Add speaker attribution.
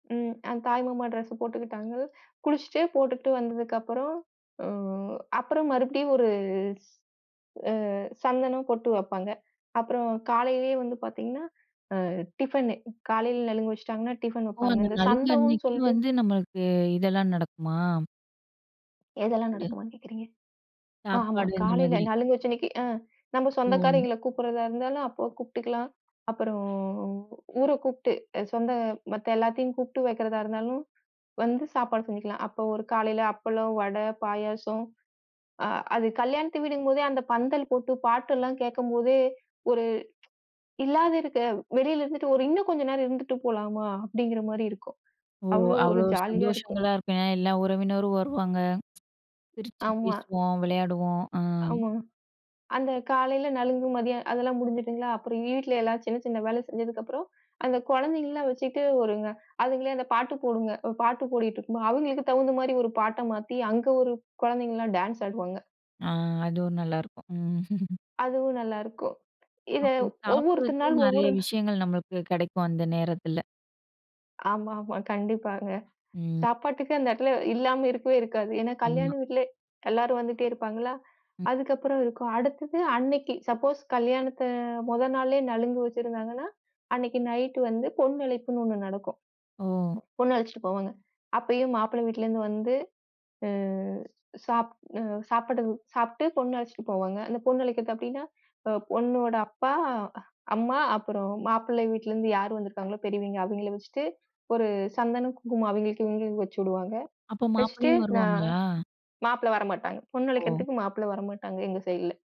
Speaker 1: ம். அ தாய் மாமா டிரஸ் போட்டுக்கிட்டாங்கள். குளிச்சுட்டு போட்டுகிட்டு வந்ததுக்கு அப்புறம் ம் அப்பறம் மறுபடியும் ஒரு ஸ் அ சந்தனம், பொட்டு வப்பாங்க. அப்புறம் காலையிலே வந்து பார்த்தீங்கன்னா, அ டிஃபன்னு காலையில நலுங்கு வச்சுட்டாங்கன்னா, டிஃபன்
Speaker 2: ஓ!
Speaker 1: வப்பாங்க.
Speaker 2: அந்த
Speaker 1: அந்தச்
Speaker 2: நலங்கு
Speaker 1: சந்தகம்
Speaker 2: அன்னைக்கு
Speaker 1: சொல்ட்டு
Speaker 2: வந்து நம்மளுக்கு இதெல்லாம் நடக்குமா?
Speaker 1: எதெல்லாம்
Speaker 2: சாப்பாடு.
Speaker 1: நடக்குமான்னு கேக்குறீங்க? ஆ ஆமா.
Speaker 2: சாப்பாடு, அந்த
Speaker 1: காலையில
Speaker 2: மாதிரி.
Speaker 1: நலுங்கு வச்ச அன்னைக்கு அ நம்ப
Speaker 2: ஓ.
Speaker 1: சொந்தக்காரங்களை கூப்பிடுறதா இருந்தாலும் அப்பக் கூப்பிட்டுக்கலாம். அப்புறம் ஊரக் கூப்பிட்டு அ சொந்த மத்த எல்லாத்தையும் கூப்ட்டு வைக்கறதா இருந்தாலும், வந்து சாப்பாடு செஞ்சுக்கலாம். அப்ப ஒரு காலைல அப்பளம், வடை, பாயாசம். அ அது கல்யாண்த்து வீடுங்கம்போதே, அந்தப் பந்தல் போட்டுப் பாட்டு எல்லாம் கேட்கும்போதே, ஒரு இல்லாத இருக்க வெளியில இருந்துட்டு ஒரு "இன்னும் கொஞ்ச நேரம் இருந்துட்டு போலாமா!" அப்படீங்கிற மாரி இருக்கும்.
Speaker 2: ஓ!
Speaker 1: அவ்வளோ ஒரு
Speaker 2: அவ்வளோ
Speaker 1: ஜாலியா இருக்கும்.
Speaker 2: சந்தோஷங்களா இருக்கும். ஏன்னா எல்லாம் உறவினரும் வருவாங்க. சிரிச்சு
Speaker 1: ஆமா.
Speaker 2: பேசுவோம், விளையாடுவோம். அ.
Speaker 1: ஆமா. அந்தக் காலையில நலுங்கு. மதியம் அதெல்லாம் முடிஞ்சுட்டுங்களா. அப்புறம் வீட்டுல எல்லாம் சின்ன, சின்ன வேலை செஞ்சதுக்கப்புறம், அந்த குழந்தைகள்லாம் வச்சிட்டு வருங்க. அதுங்களே அந்த பாட்டு போடுங்க. ஒரு பாட்டு ஓடிட்டு இருக்குமா, அவங்களுக்கு தகுந்த மாரி ஒரு பாட்ட மாத்தி, அங்க ஒரு குழந்தைங்கலாம் டேன்ஸ் ஆடுவாங்க!
Speaker 2: அ. அதுவும் நல்லா இருக்கும். ம்.
Speaker 1: அதுவும் நல்லா இருக்கும். இத
Speaker 2: அப்ப
Speaker 1: ஒவ்வொரு திருநாள்
Speaker 2: சாப்பிடறதுக்கும் நெறைய
Speaker 1: ஒவ்வொரு
Speaker 2: விஷயங்கள் நம்மளுக்குக் கெடைக்கும், அந்த நேரத்துல.
Speaker 1: ஆமாமா. கண்டிப்பாங்க.
Speaker 2: ம்.
Speaker 1: சாப்பாட்டுக்கு அந்த இடத்துல இல்லாம இருக்கவே இருக்காது. ஏன்னா, கல்யாண
Speaker 2: ஆமா.
Speaker 1: வீட்டுல எல்லாரும் வந்துட்டே இருப்பாங்களா.
Speaker 2: ம்.
Speaker 1: அதுக்கு அப்புறம் இருக்கும். அடுத்தது அன்னைக்கு, சப்போஸ் கல்யாணத்த மொத நாளே நலுங்கு வச்சிருந்தாங்கன்னா, அன்னைக்கு நைட்டு வந்து பொண்ணு அழைப்புன்னு ஒண்ணு நடக்கும்.
Speaker 2: ஓ.
Speaker 1: பொண்ணு அழைச்சிட்டு போவாங்க. அப்பயும் மாப்பிள்ளை வீட்டுலருந்து வந்து, அ சாப் அ சாப்பிட சாப்பிட்டு பொண்ணு அழைச்சிட்டு போவாங்க. அந்தப் பொண்ணு அழைக்கறக்கு அப்படீன்னா, அ பொண்ணோட அப்பா, அ அம்மா அப்புறம் மாப்பிள்ளை வீட்டுலருந்து யார் வந்திருக்காங்களோ, பெரியவைங்க அவைங்கள வச்சுட்டு, ஒரு சந்தனம், குங்குமம் அவைங்களுக்கு இவைங்களுக்கு வச்சிடுவாங்க.
Speaker 2: அப்ப
Speaker 1: வச்சிட்டு
Speaker 2: மாப்பிள்ளையும்
Speaker 1: நா
Speaker 2: வருவாங்களா?
Speaker 1: மாப்பிளை வரமாட்டாங்க. பொண்ணு
Speaker 2: ஓ.
Speaker 1: அழைக்கறதுக்கு மாப்பிள்ளை வரமாட்டாங்க எங்க சைடுல.